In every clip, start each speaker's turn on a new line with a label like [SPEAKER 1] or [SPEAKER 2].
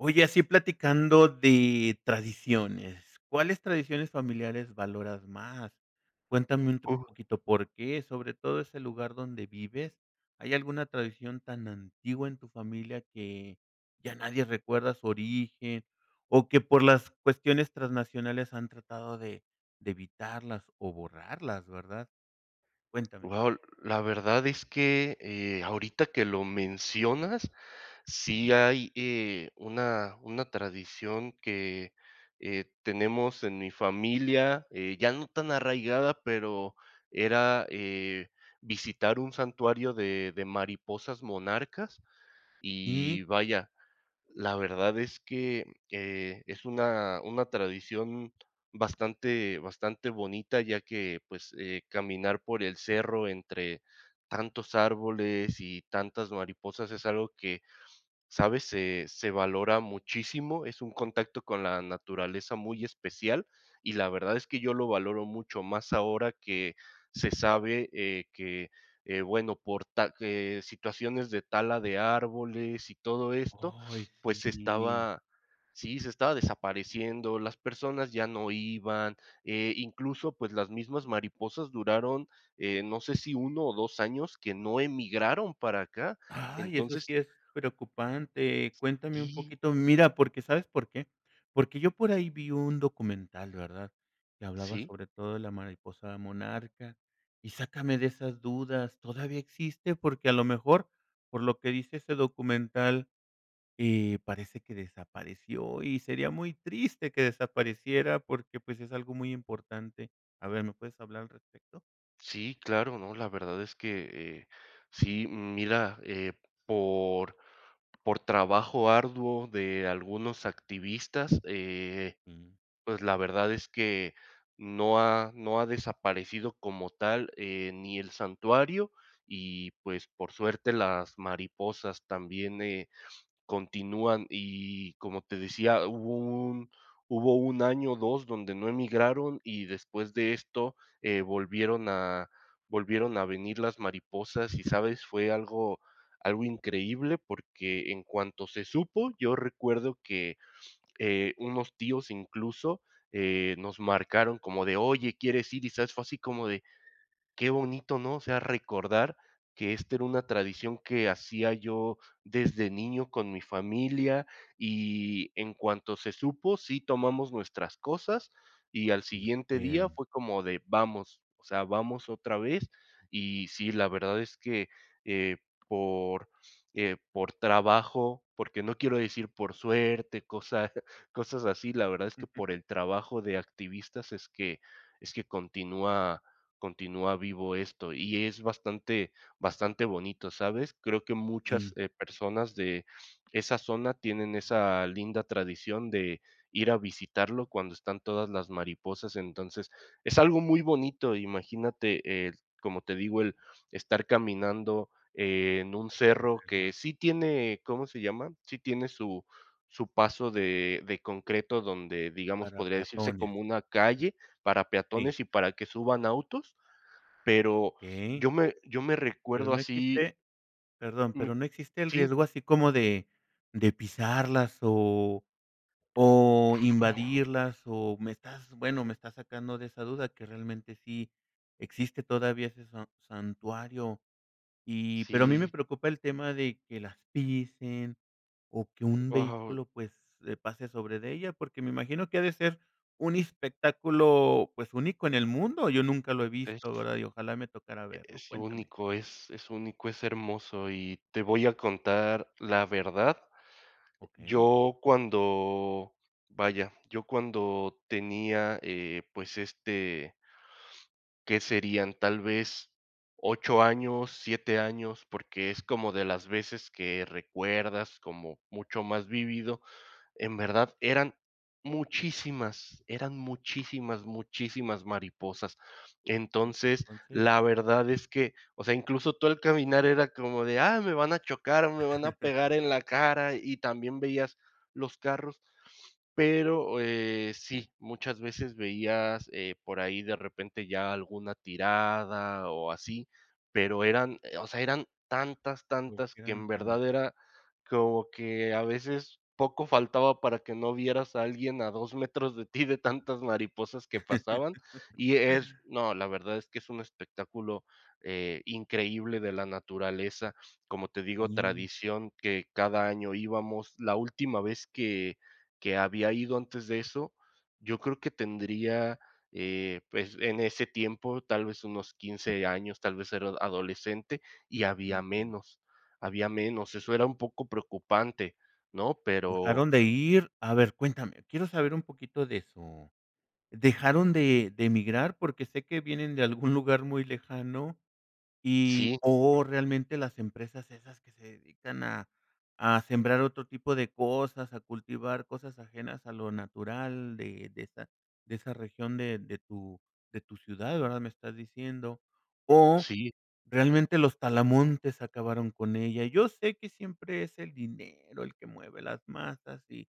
[SPEAKER 1] Oye, así platicando de tradiciones, ¿cuáles tradiciones familiares valoras más? Cuéntame un
[SPEAKER 2] Oh.
[SPEAKER 1] poquito, ¿por qué?, sobre todo ese lugar donde vives, ¿hay alguna tradición tan antigua en tu familia que ya nadie recuerda su origen o que, por las cuestiones transnacionales, han tratado de de evitarlas o borrarlas, verdad? Cuéntame.
[SPEAKER 2] Wao, la verdad es que, eh, ahorita que lo mencionas, sí
[SPEAKER 1] Ujú.
[SPEAKER 2] hay, eh, una una tradición que, eh, tenemos en mi familia, eh, ya no tan arraigada, pero era, eh, visitar un santuario de de mariposas monarcas y,
[SPEAKER 1] Sí.
[SPEAKER 2] vaya, la verdad es que, eh, es una una tradición bastante bastante bonita, ya que, pues, eh, caminar por el cerro entre tantos árboles y tantas mariposas es algo que, ¿sabes?, se se valora muchísimo, es un contacto con la naturaleza muy especial, y la verdad es que yo lo valoro mucho más ahora que se sabe, eh, que, eh, bueno, por ta eh, situaciones de tala de árboles y todo esto,
[SPEAKER 1] Ay,
[SPEAKER 2] pues se
[SPEAKER 1] sí.
[SPEAKER 2] estaba, sí, se estaba desapareciendo, las personas ya no iban, eh, incluso, pues las mismas mariposas duraron, eh, no sé si 1 o 2 años que no emigraron para acá,
[SPEAKER 1] Ay, eso sí
[SPEAKER 2] entonces
[SPEAKER 1] es preocupante. Cuéntame un
[SPEAKER 2] Y
[SPEAKER 1] poquito. Mira, porque, ¿sabes por qué? Porque yo por ahí vi un documental, ¿verdad?, que hablaba
[SPEAKER 2] Sí.
[SPEAKER 1] sobre todo de la mariposa monarca y sácame de esas dudas, ¿todavía existe? Porque, a lo mejor por lo que dice ese documental, eh, parece que desapareció, y sería muy triste que desapareciera porque, pues, es algo muy importante. A ver, ¿me puedes hablar al respecto?
[SPEAKER 2] Sí, claro, no, la verdad es que, eh, sí, mira, eh, por por trabajo arduo de algunos activistas, eh,
[SPEAKER 1] Ujú.
[SPEAKER 2] pues, la verdad es que no ha no ha desaparecido como tal, eh, ni el santuario y, pues, por suerte, las mariposas también, eh, continúan y, como te decía, hubo un hubo 1 año, 2, donde no emigraron, y después de esto, eh, volvieron a volvieron a venir las mariposas, ¿y sabes?, fue algo algo increíble, porque en cuanto se supo, yo recuerdo que, eh, unos tíos, incluso, eh, nos marcaron como de: "Oye, ¿quieres ir?", y ¿sabes?, fue así como de: "Qué bonito", ¿no?, o sea, recordar que esta era una tradición que hacía yo desde niño con mi familia, y en cuanto se supo, sí tomamos nuestras cosas, y al
[SPEAKER 1] Y
[SPEAKER 2] siguiente día
[SPEAKER 1] fueron.
[SPEAKER 2] fue como de: "Vamos", o sea, "Vamos otra vez", y sí, la verdad es que, eh, por, eh, por trabajo, porque no quiero decir por suerte, cosa cosas así, la verdad es que por el trabajo de activistas es que es que continúa continúa vivo esto, y es bastante bastante bonito, ¿sabes?, creo que muchas,
[SPEAKER 1] Sí.
[SPEAKER 2] eh, personas de esa zona tienen esa linda tradición de ir a visitarlo cuando están todas las mariposas, entonces, es algo muy bonito, imagínate, el como te digo, el estar caminando en un cerro que
[SPEAKER 1] [unintelligible]
[SPEAKER 2] sí tiene, ¿cómo se llama?, sí tiene su su paso de de concreto donde, digamos,
[SPEAKER 1] Para
[SPEAKER 2] podría decirse,
[SPEAKER 1] peatones.
[SPEAKER 2] como una calle para
[SPEAKER 1] Sí.
[SPEAKER 2] peatones y para que suban autos, pero
[SPEAKER 1] Okey
[SPEAKER 2] yo me yo me
[SPEAKER 1] ¿Pero
[SPEAKER 2] recuerdo
[SPEAKER 1] no
[SPEAKER 2] así
[SPEAKER 1] existe perdón,
[SPEAKER 2] me
[SPEAKER 1] pero no existe el
[SPEAKER 2] sí.
[SPEAKER 1] riesgo así como de de pisarlas o o invadirlas?, o, me estás bueno, me estás sacando de esa duda que realmente sí existe todavía ese san santuario y, pero a mí me
[SPEAKER 2] Sí.
[SPEAKER 1] preocupa el tema de que las pisen o que un
[SPEAKER 2] Wao.
[SPEAKER 1] vehículo pues pase sobre de ella, porque me imagino que ha de ser un espectáculo pues, único en el mundo, yo nunca lo he
[SPEAKER 2] Es
[SPEAKER 1] visto, ¿verdad?, y ojalá me tocara verlo,
[SPEAKER 2] es
[SPEAKER 1] cuéntame.
[SPEAKER 2] único, es es único, es hermoso, y te voy a contar la verdad,
[SPEAKER 1] Okey.
[SPEAKER 2] yo cuando vaya, yo cuando tenía, eh, pues, este ¿qué serían?, tal vez 8 años, 7 años, porque es como de las veces que recuerdas, como mucho más vívido, en verdad, eran muchísimas eran muchísimas, muchísimas mariposas, entonces,
[SPEAKER 1] Entonces
[SPEAKER 2] la verdad es que, o sea, incluso tu al caminar era como de: "Ah, me van a chocar, me van a pegar en la cara", y también veías los carros, pero, eh, sí, muchas veces veías, eh, por ahí de repente ya alguna tirada o así, pero eran, o sea, eran tantas, tantas,
[SPEAKER 1] Porque
[SPEAKER 2] que
[SPEAKER 1] eran
[SPEAKER 2] en verdad
[SPEAKER 1] tantas.
[SPEAKER 2] era como que a veces, poco faltaba para que no vieras a alguien a 2 metros de ti de tantas mariposas que pasaban, y es no, la verdad es que es un espectáculo, eh, increíble de la naturaleza, como te
[SPEAKER 1] Y,
[SPEAKER 2] digo,
[SPEAKER 1] mm.
[SPEAKER 2] tradición que cada año íbamos, la última vez que que había ido antes de eso, yo creo que tendría, eh, pues, en ese tiempo, tal vez, unos 15 años, tal vez era adolescente, y había
[SPEAKER 1] Entiendo.
[SPEAKER 2] menos había menos, eso era un poco preocupante, ¿no?, pero
[SPEAKER 1] ¿Dejaron de ir?, a ver, cuéntame, quiero saber un poquito de su ¿dejaron de de migrar?, porque sé que vienen de algún lugar muy lejano y,
[SPEAKER 2] Sí.
[SPEAKER 1] o realmente las empresas esas que se dedican a a sembrar otro tipo de cosas, a cultivar cosas ajenas a lo natural de de esa de esa región, de de tu de tu ciudad, ¿verdad?, me estás diciendo, o,
[SPEAKER 2] Sí.
[SPEAKER 1] ¿realmente los talamontes acabaron con ella? Yo sé que siempre es el dinero el que mueve las masas y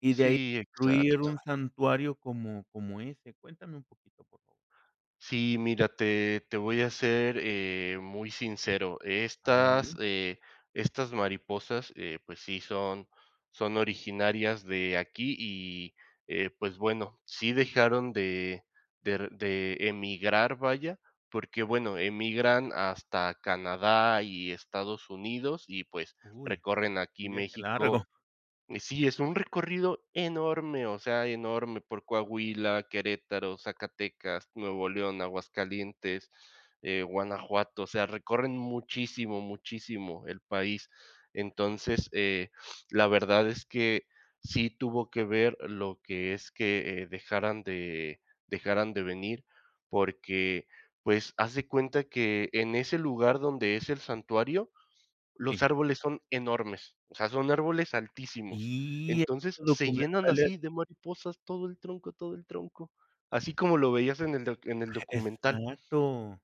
[SPEAKER 1] y de ahí
[SPEAKER 2] Sí,
[SPEAKER 1] incluir
[SPEAKER 2] exacto.
[SPEAKER 1] un santuario como como ese, cuéntame un poquito, por favor.
[SPEAKER 2] Sí, mira, te te voy a ser, eh, muy sincero,
[SPEAKER 1] A ver
[SPEAKER 2] estas,
[SPEAKER 1] dime.
[SPEAKER 2] eh, estas mariposas, eh, pues sí, son son originarias de aquí y, eh, pues bueno, sí dejaron de der de emigrar, vaya, porque, bueno, emigran hasta Canadá y Estados Unidos y, pues,
[SPEAKER 1] Uy,
[SPEAKER 2] recorren aquí
[SPEAKER 1] un viaje
[SPEAKER 2] México
[SPEAKER 1] largo.
[SPEAKER 2] Sí, es un recorrido enorme, o sea, enorme por Coahuila, Querétaro, Zacatecas, Nuevo León, Aguascalientes, eh, Guanajuato, o sea, recorren muchísimo, muchísimo el país,
[SPEAKER 1] Ese [unintelligible]
[SPEAKER 2] entonces, eh, la verdad es que sí tuvo que ver lo que es que, eh, dejaran de dejaran de venir, porque, pues, haz de cuenta que en ese lugar donde es el santuario, los
[SPEAKER 1] Sí.
[SPEAKER 2] árboles son enormes, o sea, son árboles altísimos,
[SPEAKER 1] Sí, he
[SPEAKER 2] entonces,
[SPEAKER 1] visto
[SPEAKER 2] se llenan
[SPEAKER 1] documentales.
[SPEAKER 2] así de mariposas, todo el tronco todo el tronco, así como lo veías en el doc en el documental.
[SPEAKER 1] Exacto,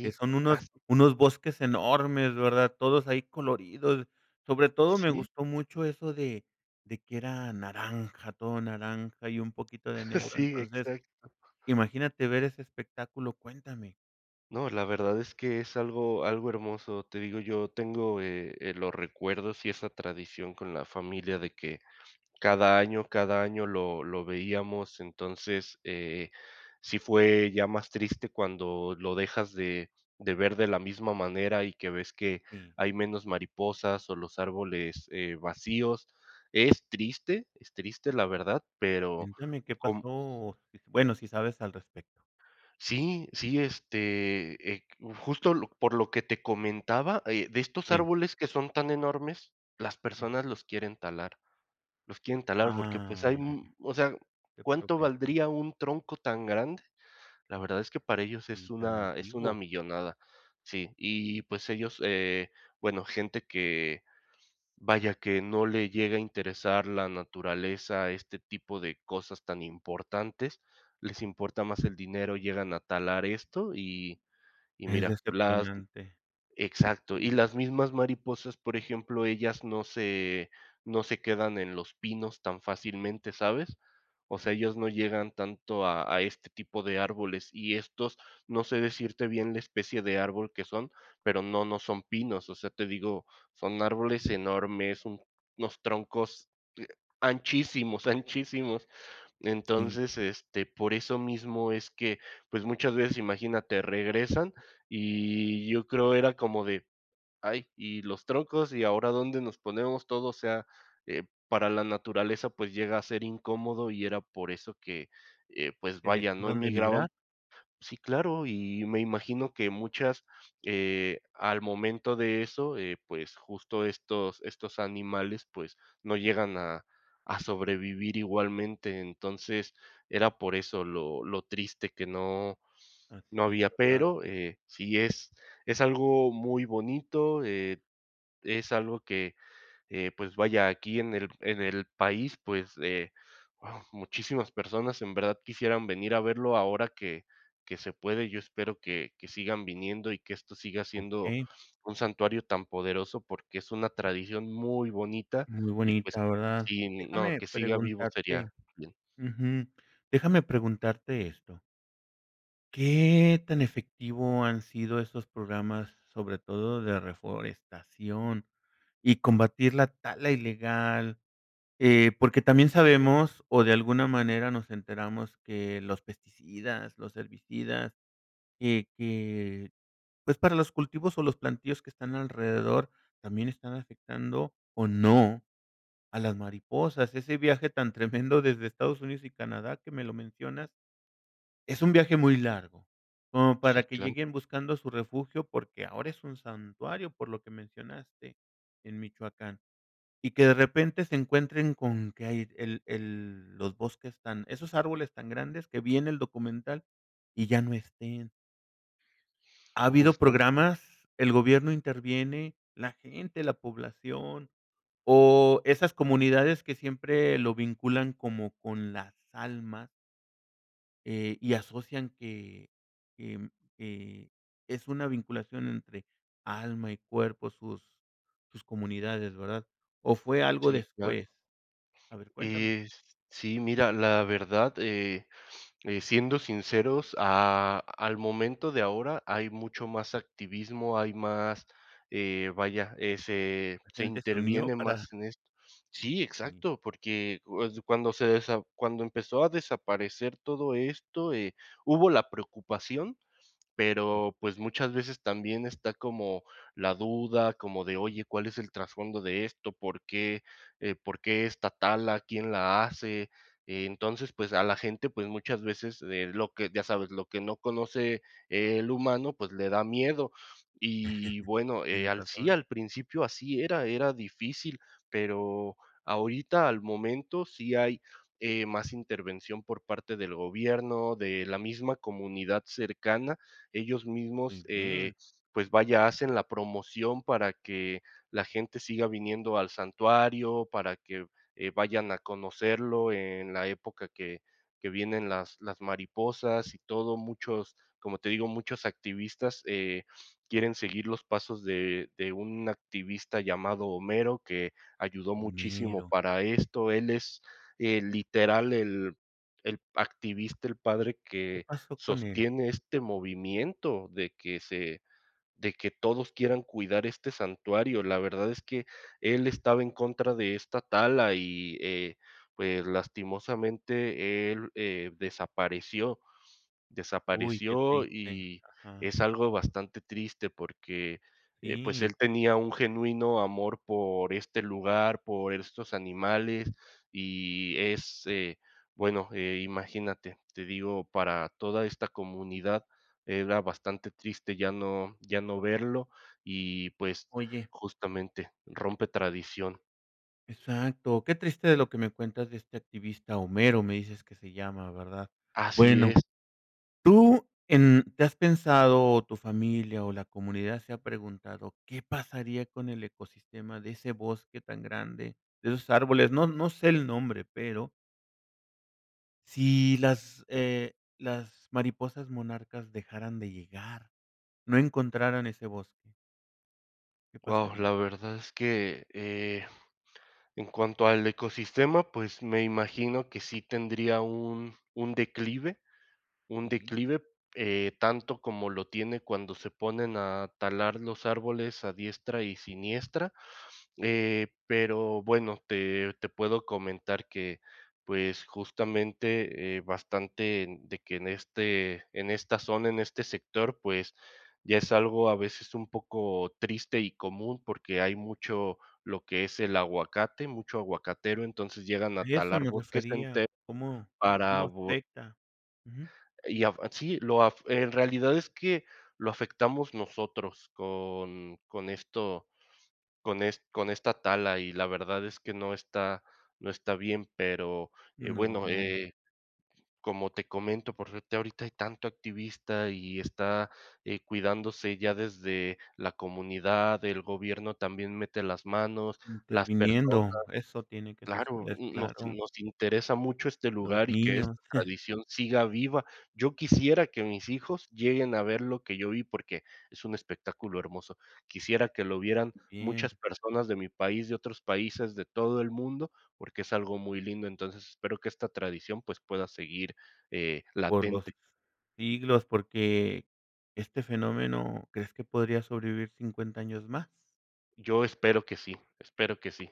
[SPEAKER 1] que son unos
[SPEAKER 2] así.
[SPEAKER 1] unos bosques enormes, ¿verdad?, todos ahí coloridos sobre todo me
[SPEAKER 2] Sí.
[SPEAKER 1] gustó mucho eso de de que era naranja, todo naranja y un poquito de negro
[SPEAKER 2] Sí,
[SPEAKER 1] entonces
[SPEAKER 2] exacto.
[SPEAKER 1] imagínate ver ese espectáculo, cuéntame.
[SPEAKER 2] No, la verdad es que es algo algo hermoso. Te digo, yo tengo, eh, eh, los recuerdos y esa tradición con la familia de que cada año cada año lo lo veíamos. Entonces, eh, sí fue ya más triste cuando lo dejas de de ver de la misma manera y que ves que
[SPEAKER 1] Jum.
[SPEAKER 2] hay menos mariposas o los árboles, eh, vacíos, es triste, es triste, la verdad, pero
[SPEAKER 1] Cuéntame qué
[SPEAKER 2] com
[SPEAKER 1] pasó, eh, bueno, si sabes al respecto.
[SPEAKER 2] Sí, sí, este, eh, q justo lo por lo que te comentaba, eh, de estos
[SPEAKER 1] Sí.
[SPEAKER 2] árboles que son tan enormes, las personas
[SPEAKER 1] Ujú.
[SPEAKER 2] los quieren talar. Los quieren talar, porque, pues, hay,
[SPEAKER 1] Ah,
[SPEAKER 2] mm O sea,
[SPEAKER 1] qué
[SPEAKER 2] ¿cuánto
[SPEAKER 1] problema.
[SPEAKER 2] valdría un tronco tan grande? La verdad es que para ellos
[SPEAKER 1] Y
[SPEAKER 2] es
[SPEAKER 1] tan
[SPEAKER 2] una es una
[SPEAKER 1] antiguo.
[SPEAKER 2] millonada. Sí, y, pues, ellos, eh, bueno, gente que, vaya, que no le llega a interesar la naturaleza, este tipo de cosas tan importantes, les importa más el dinero, llegan a talar esto, y y,
[SPEAKER 1] Es
[SPEAKER 2] mira, las
[SPEAKER 1] decepcionante.
[SPEAKER 2] Exacto, y
[SPEAKER 1] Sí.
[SPEAKER 2] las mismas mariposas, por ejemplo, ellas no se no se quedan en los pinos tan fácilmente, ¿sabes? O sea, ellas no llegan tanto a a este tipo de árboles, y estos, no sé decirte bien la especie de árbol que son, pero no, no son pinos, o sea, te digo, son árboles enormes, unos troncos, eh, anchísimos, anchísimos.
[SPEAKER 1] Sí.
[SPEAKER 2] Entonces, este, por eso mismo es que, pues, muchas veces, imagínate, regresan, y yo creo era como de: "Ay, y los troncos, y ahora dónde nos ponemos todo", o sea, eh, para la naturaleza, pues, llega a ser incómodo y era por eso que, eh, pues,
[SPEAKER 1] ¿Que
[SPEAKER 2] vaya, no
[SPEAKER 1] dejaron de
[SPEAKER 2] emigraban
[SPEAKER 1] migrar?
[SPEAKER 2] Sí, claro, y me imagino que muchas, eh, al momento de eso, eh, pues, justo estos estos animales, pues, no llegan a a sobrevivir igualmente. Entonces, era por eso lo lo triste que no
[SPEAKER 1] Ah,
[SPEAKER 2] no
[SPEAKER 1] sí,
[SPEAKER 2] había,
[SPEAKER 1] verdad.
[SPEAKER 2] pero, eh, sí es es algo muy bonito, eh, es algo que, eh, pues, vaya, aquí en el en el país, pues, eh, wao, muchísimas personas en verdad quisieran venir a verlo ahora que que se puede, yo espero que que sigan viniendo y que esto siga siendo
[SPEAKER 1] Okey.
[SPEAKER 2] un santuario tan poderoso, porque es una tradición muy bonita
[SPEAKER 1] Muy
[SPEAKER 2] y, pues,
[SPEAKER 1] bonita, ¿verdad?
[SPEAKER 2] sin No,
[SPEAKER 1] Déjame
[SPEAKER 2] que siga vivo
[SPEAKER 1] preguntarte
[SPEAKER 2] sería bien.
[SPEAKER 1] Ujú. Déjame preguntarte esto ¿Qué tan efectivo han sido esos programas, sobre todo de reforestación y combatir la tala ilegal? Eh, porque también sabemos, o de alguna manera nos enteramos, que los pesticidas, los herbicidas, que que, pues, para los cultivos o los plantíos que están alrededor también están afectando o no a las mariposas. Ese viaje tan tremendo desde Estados Unidos y Canadá, que me lo mencionas, es un viaje muy largo, como para
[SPEAKER 2] Sí,
[SPEAKER 1] que
[SPEAKER 2] claro.
[SPEAKER 1] lleguen buscando su refugio, porque ahora es un santuario, por lo que mencionaste, en Michoacán, y que de repente se encuentren con que hay el el los bosques tan esos árboles tan grandes que vi en el documental y ya no estén. Ha habido
[SPEAKER 2] Justamente.
[SPEAKER 1] programas, el gobierno interviene, la gente, la población o esas comunidades que siempre lo vinculan como con las almas eh, y asocian que, em, eh, es una vinculación entre alma y cuerpo sus sus comunidades, ¿verdad?, o fue algo
[SPEAKER 2] Sí, claro.
[SPEAKER 1] después, a ver, cuéntame.
[SPEAKER 2] Eh, sí, mira, la verdad, eh, eh, siendo sinceros, a al momento de ahora hay mucho más activismo, hay más, eh, vaya, eh, se
[SPEAKER 1] La
[SPEAKER 2] se
[SPEAKER 1] gente se unió
[SPEAKER 2] interviene más
[SPEAKER 1] para
[SPEAKER 2] en esto. Sí,
[SPEAKER 1] Ni.
[SPEAKER 2] exacto, porque, pues, cuando se cuando empezó a desaparecer todo esto, eh, hubo la preocupación, pero, pues, muchas veces también está como la duda como de, oye, ¿cuál es el trasfondo de esto?, ¿por qué, eh, por qué está tala?, ¿quién la hace?, eh, entonces, pues, a la gente, pues, muchas veces le lo que, ya sabes, lo que no conoce, eh, el humano, pues, le da miedo, y bueno, eh,
[SPEAKER 1] Tienes
[SPEAKER 2] al sí,
[SPEAKER 1] razón.
[SPEAKER 2] al principio así era, era difícil, pero ahorita, al momento, sí hay, eh, más intervención por parte del gobierno, de la misma comunidad cercana, ellos
[SPEAKER 1] ¡Muy
[SPEAKER 2] mismos,
[SPEAKER 1] bien!
[SPEAKER 2] eh, pues, vaya, hacen la promoción para que la gente siga viniendo al santuario, para que, eh, vayan a conocerlo, eh, en la época que que vienen las las mariposas y todo. Muchos, como te digo, muchos activistas, eh, quieren seguir los pasos de, eh, de un activista llamado Homero, que ayudó muchísimo
[SPEAKER 1] Homero.
[SPEAKER 2] para esto, él es, eh, el literal, el el activista, el padre
[SPEAKER 1] ¿Qué
[SPEAKER 2] que
[SPEAKER 1] pasó con él?
[SPEAKER 2] sostiene este movimiento de que se de que todos quieran cuidar este santuario, la verdad es que él estaba en contra de esta tala y, eh, pues, lastimosamente, él, eh, desapareció.
[SPEAKER 1] Uy, qué
[SPEAKER 2] Desapareció
[SPEAKER 1] triste,
[SPEAKER 2] y
[SPEAKER 1] ajá.
[SPEAKER 2] es algo bastante triste, porque, eh pues,
[SPEAKER 1] Sí.
[SPEAKER 2] él tenía un genuino amor por este lugar, por estos animales, y es, eh, bueno, eh, imagínate, te digo, para toda esta comunidad era bastante triste ya no ya no verlo y, pues,
[SPEAKER 1] Oye
[SPEAKER 2] justamente, rompe tradición.
[SPEAKER 1] Exacto, qué triste de lo que me cuentas de este activista Homero, me dices que se llama, ¿verdad?
[SPEAKER 2] Así
[SPEAKER 1] Bueno,
[SPEAKER 2] es.
[SPEAKER 1] tú en, ¿te has pensado, o tu familia o la comunidad se ha preguntado, qué pasaría con el ecosistema de ese bosque tan grande, de esos árboles? No no sé el nombre, pero si las, eh, las mariposas monarcas dejaran de llegar, no encontraran ese bosque. ¿Qué
[SPEAKER 2] Guau, la
[SPEAKER 1] pasaría?
[SPEAKER 2] verdad es que, eh, en cuanto al ecosistema, pues, me imagino que sí tendría un un declive un
[SPEAKER 1] Sí.
[SPEAKER 2] declive, eh, tanto como lo tiene cuando se ponen a talar los árboles a diestra y siniestra, eh, pero bueno, te te puedo comentar que, pues, justamente, eh, bastante, mm, de que en este en esta zona, en este sector, pues, ya es algo a veces un poco triste y común, porque hay mucho lo que es el aguacate, mucho aguacatero, entonces llegan a
[SPEAKER 1] Y a eso
[SPEAKER 2] talar
[SPEAKER 1] me
[SPEAKER 2] bosques
[SPEAKER 1] refería,
[SPEAKER 2] enteros
[SPEAKER 1] ¿cómo
[SPEAKER 2] para
[SPEAKER 1] cómo
[SPEAKER 2] vo
[SPEAKER 1] afecta? Ujú.
[SPEAKER 2] y afa sí lo af eh, en realidad es que lo afectamos nosotros con con esto, con es con esta tala, y la verdad es que no está no está bien, pero, eh, bueno,
[SPEAKER 1] No.
[SPEAKER 2] eh, como te comento, por suerte, ahorita hay tanto activista y está, eh, cuidándose ya desde la comunidad, el gobierno también mete las manos, las personas
[SPEAKER 1] Interviniendo eso tiene que
[SPEAKER 2] Claro,
[SPEAKER 1] suceder,
[SPEAKER 2] n nos in
[SPEAKER 1] claro.
[SPEAKER 2] nos interesa mucho este
[SPEAKER 1] Los
[SPEAKER 2] lugar y que
[SPEAKER 1] niños.
[SPEAKER 2] esta tradición siga viva. Yo quisiera que mis hijos lleguen a ver lo que yo vi, porque es un espectáculo hermoso. Quisiera que lo vieran
[SPEAKER 1] Muy bien.
[SPEAKER 2] muchas personas de mi país, de otros países, de todo el mundo, porque es algo muy lindo. Entonces, espero que esta tradición, pues, pueda seguir, eh,
[SPEAKER 1] Por los
[SPEAKER 2] latente.
[SPEAKER 1] siglos, porque este fenómeno, ¿crees que podría sobrevivir 50 años más?
[SPEAKER 2] Yo espero que sí, espero que sí.